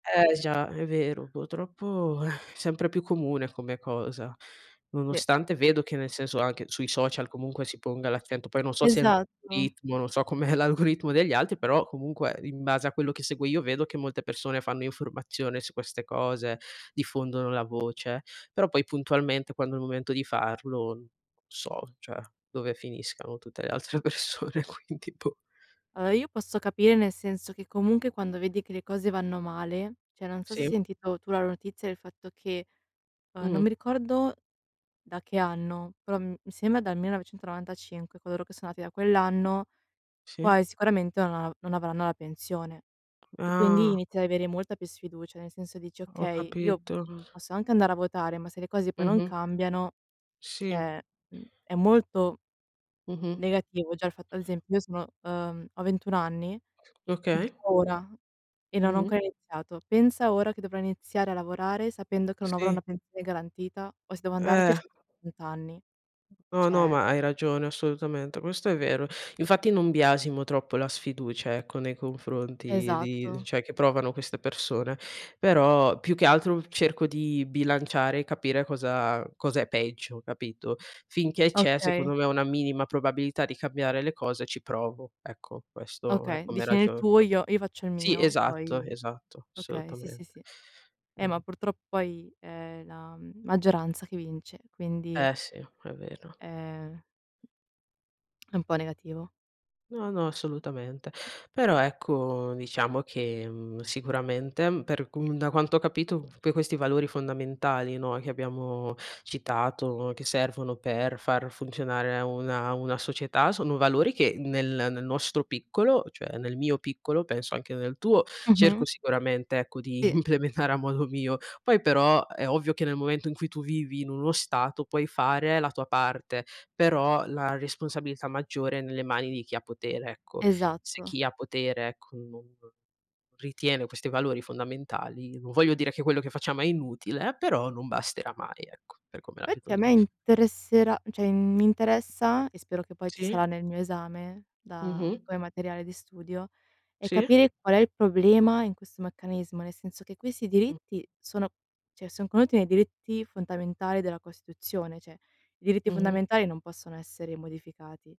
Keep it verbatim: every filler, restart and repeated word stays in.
Eh, già! È vero. Putroppo, sempre più comune come cosa. Sì. Nonostante vedo che nel senso, anche sui social comunque si ponga l'accento, poi non so se n Esatto. oritmo, non so com'è l'algoritmo degli altri, però comunque in base a quello che seguo io vedo che molte pessone fanno informazione su queste cose, diffondono la voce; però poi puntualmente quando è il momento di farlo n so, ceh, dove finiscano tutte le altre persone, quindi boh! Alloa, io posso capire nel senso che, comunche, quando vedi che le cose vanno male ceh, non so se hai Sì. sentito tu la notizia del fatto che, uhm, non mi Mh-mh. ricordo da che anno, però m mi sema dal millenovecentonovantacinque coloro che sono nati da quell'anno, Sì. quai sicuramente non av non avranno la pensione; e quindi Ah! inizi ad avere molta più sfiducia. Nel senso, dici: Ho "Okay, io, capito. mhmm, posso anche andare a votare, ma se le cose poi non Mh-mh. cambiano" Sì. ceh, mhmm, è molto Mh-mh. negativo già il fat ad esempio, io sono uhm, ho ventun anni, [unintelligible] Okay. ora e non ho Mh-mh. ancora iniziato. Pensa ora che dovrò iniziare a lavorare sapendo che non avrò Sì. una pensione garantita, o se devo andarci Eh. ci [unintelligible] anni. No, no, ceh ma hai ragione assolutamente. Questo è vero. Infatti, non biasimo troppo la sfiducia, ecco, nei confronti di Esatto. ceh, che provano queste persone. Però, più che altro, cerco di bilanciare e capire cosa cosa è peggio, capito? Finché c'è, Okay. secondo me, una minima probabilità di cambiare le cose ci provo, ecco, questo è Okay, come dici: "Nel ragiono. tuo Pro io io faccio il sì, mio, esatto, poi" esatto, okay, sì, sì, solutamente. sì. Eh, ma Mh-mh. purtrò poi è la, mhmm, maggioranza che vince, quindi Eh, sì. È vero. è è un po' negativo. No, no, assolutamente. Però, ecco, diciamo che, mhmm, sicuramente, mhmm, per cum da quanto ho capito, que questi valori fondamentali, no, che abbiamo citato, che servono per far funzionare una una società, sono valori che nel nel nostro piccolo, cioè nel mio piccolo penso anche nel tuo, cerco Mh-mh. sicuramente, ecco, di Sì. implemetare a modo mio. Poi però, è ovvio che nel momento in cui tu vivi in uno stato puoi fare la tua parte, però la responsabilità maggiore è nelle mani di chi ha potere, ecco. Se Esatto. chi ha potere, ecco, non ritiene questi valori fondamentali, non voglio dire che quello che facciamo è inutile, però non basterà mai, ecco, per come la vedo Fatti a me io. interesserà ceh, in mi interessa, e spero che poi ci Sì? sarà nel mio esame, da Mh-mh. come materiale di studio, è Sì. capire qual è il problema in questo meccanismo, nel senso che quessi Mh. diritti sono ceh, son conenuti nei diritti fontamentali della Costituzione; ceh, i diritti Mh-mh. fondamentali non possono essere modificati.